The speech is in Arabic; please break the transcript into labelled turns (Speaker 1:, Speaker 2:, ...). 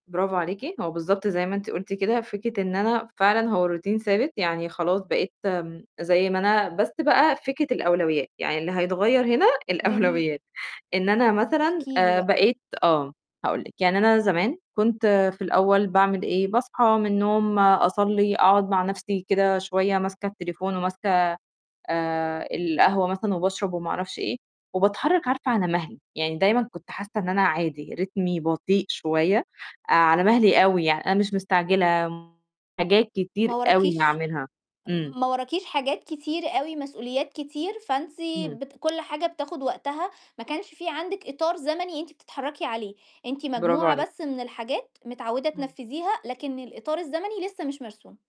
Speaker 1: برافو عليكِ، هو بالضبط زي ما أنتِ قُلتِ، كده فكرة إن أنا فعلًا هو routine ثابت، يعني خلاص بقيت م زي ما أنا، بس بقى فكرة الأولويّات، يعني اللي هيتغيّر هنا
Speaker 2: جميل.
Speaker 1: الأولويّات. إن أنا مثلًا
Speaker 2: احكي لي
Speaker 1: آآ،
Speaker 2: بقى.
Speaker 1: بقيت آه، هاقول لِك. يعني أنا زمان كنت في الأول باعمل إيه، باصحى من النوم أصلّي، أقعُد مع نَفْسي كده شوية ماسكة التليفون وماسكة آآ، القهوة مثلًا وباشرب وما أعرفش إيه، وباتحرّك عارفة على مَهلي، يعني دايمًا كنت حاسّة إن أنا عادي، رتمي بطيء شوية، على مَهلي أوي، يعني أنا مش مستعجلة [unintelligible] حاجات كتير
Speaker 2: ما
Speaker 1: أوي
Speaker 2: وراكيش
Speaker 1: هاعملها، إمم.
Speaker 2: ما وراكيش حاجات كتير أوي مسؤوليات كتير، فأنتِ
Speaker 1: إمم.
Speaker 2: بت كل حاجة بتاخُد وقتها ما كانش في عندِك إطار زمني أنتِ بتتحرّكي عليه، أنتِ
Speaker 1: برافو
Speaker 2: مجموعة
Speaker 1: عليكِ.
Speaker 2: بس من الحاجات متعوِّدة
Speaker 1: إمم.
Speaker 2: تنفِّذيها، لكن الإطار الزمني لسّه مش مرسوم.